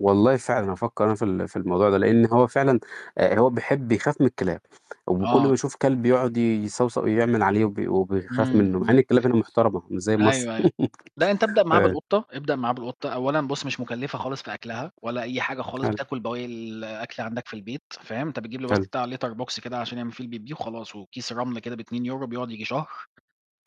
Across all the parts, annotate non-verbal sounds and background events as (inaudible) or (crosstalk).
والله فعلًا هافكر أنا في ال في الموضوع ده لأن هو فعلًا آآ، هو بيحب بيخاف من الكلاب، وكل آه. ما يشوف كلب يقعد يصَوصَو يعمل عليه وبي وبيخاف امم، منه مع إن امم. الكلاب هنا محترمة مش زي مصر أيوه أيوه، لا أنت ابدأ (chuckles) معاه آآ بالقطة ابدأ معاه بالقطة، أولًا بص مش مُكلفة خالص في أكْلها ولا أي حاجة خالص حلو. بتاكل بواقي الأكل عندك في البيت، فاهم، أنت بتجيب له بس حلو. بتاع Litter Box كده عشان يعمل فيه البِبّيه وخلاص وكيس رمل كده ب2€ بيقعد ييجي شهر،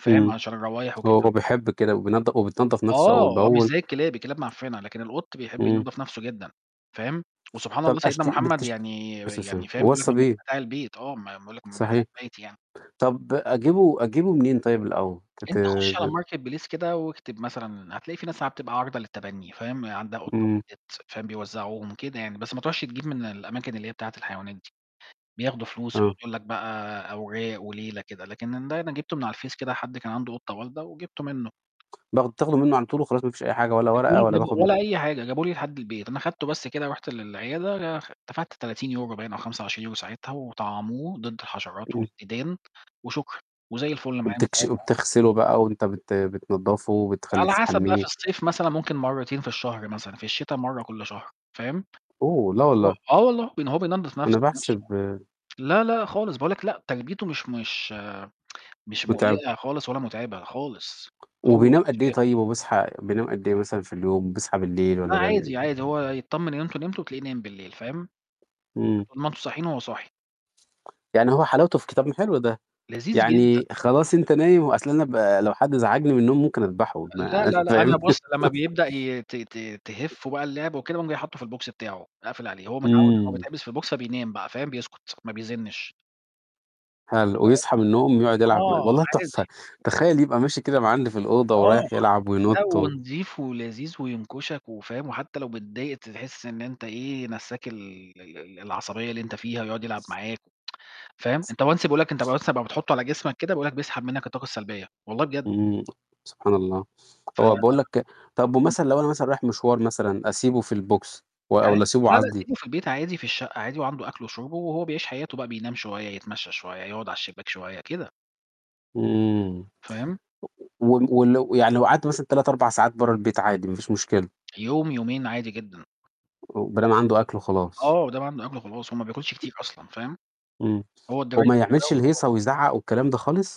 فاهم، إمم عشان الروايح هو وكده. هو بيحب كده وبينض وبتنضّف نفسُه آه أول هو مش بأول. زي الكلاب، الكلاب معفنة، لكن القط بيحب إمم. ينضّف نَفْسه جدًا، فاهم، وسبحان طب الله سيدنا أشتر محمد بتش عليه يعني الصلاة يعني والسلام، فاهم بيقول لك وَصَّى من بيه. متاع البيت، آه ما بيقول لك من متاع صحيح، البيت يعني. طب أجيبه أجيبه منين طيب الأول؟ أنت خُشّ على تتاب marketplace كده واكتب مثلًا هتلاقي في ناس عم بتبقى عارضة للتبني، فاهم، عندها قطة إمم. ولدت، فاهم بيوزعوهم كده يعني، بس ما تروحش تجيب من الأماكن اللي هي بتاعة الحيوانات دي، بياخدوا فلوس ويقعد آه. يقول لك بقى أوراق وليلة كده، لكن ده أنا جبته من على الفيس كده حد كان عنده قطة والدة وجبته منه. باخ بتاخده منه على طول وخلاص ما فيش أي حاجة ولا هاته ورقة لي ولا بجد باخد م ولا أي حاجة جابه لي لحد البيت، أنا خدته بس كده رُحت للعيادة لآخ دفعت 30€ باين أو 25€ ساعتها وطعَّموه ضد الحشرات إمم. والديدان وشكرًا، وزي الفُل معايا من وبتكش ساعتها يعني. وبتغسله بقى وأنت بت بتنضّفه وبتخلّي على حسب بقى في تحمِّيه. الصيف مثلًا ممكن مرتين في الشهر مثلًا في الشتاء مرة كل شهر، فاهم، أوه لا و والله! آه والله، لإن هو بينضّف نَفْسه أنا بنَفْسه، بحسب لا، لا، خالص باقول لك لأ تربيته مش مش (tsk) مش متعبة. مُقلقة خالص ولا متعبة خالص هو وبينام قدّ إيه (unintelligible) طيب وبيصحى بينام قدّ إيه مثلًا في اليوم بيصحى بالليل لا والَّا بيعمل عادي، إيه؟ عادي هو يتطمن إن أنتم نمتوا تلاقيه نايم بالليل، فاهم، إمم. طول ما انتم صاحيين هو صاحي. يعني هو حلاوته في كتا ما حلو ده! لذيذ جدًا. يعني خلاص أنت نايم و أصل أنا ب لو حد زعجني من النوم ممكن أدبحه لا، ما لا، لأ، فاهم؟ أنا بُص لما (chuckles) بيبدأ ي ت ت تهِفُّه بقى اللعب وكده باقوم جاي حاطه في الbox بتاعه أقفل عليه، هو متعود إنه هو إمم. بيتحبس في الbox بينام بقى، فاهم؟ بيسكُت ما بيزنِّش. حلو ويصحى فاهم، من النوم يقعد يلعب معاك، آه والله تحفة! عادي. تخيل يبقى ماشي كده م عندي في الأوضة آه، ورايح يلعب لأ، وينط و ونضيف ولذيذ وينكشك وفاهم، وحتى لو متضايق تحس إن أنت إيه نسَّاك ال ال ال العصبية اللي أنت فيها ويقعد يلعب معاك (tsk) فاهم، أنت once بيقول لك أنت بس أما بتحطه على جسمك كده بيقول لك بيسحب منك الطاقة السلبية، والله بجد. إمم، سبحان الله! ف هو باقول لك طب إمم. ومثلًا لو أنا مثلًا رايح مشوار مثلًا أسيبه في الbox و عا والَّا أسيبه لا، لا، عادي؟ سيبه في البيت عادي في الشقة عادي وعنده أكْلُه وشُربه وهو بيعيش حياته بقى بينام شوية، يتمشى شوية، يقعد على الشباك شوية، كده. إمم. فاهم؟ و ولو يعني لو قعدت مثلًا 3، 4 ساعات برَّه البيت عادي ما فيش مشكلة. يوم، يومين، عادي جدًا. ما دام عنده أكله آه خلاص. مادام عنده أكْلُه خلاص هو ما بياكلش كتير أصلًا، فاهم، إمم، هو الDry وما Food ده يعملش الهيصة وخلاص. ويزعَّق والكلام ده خالص؟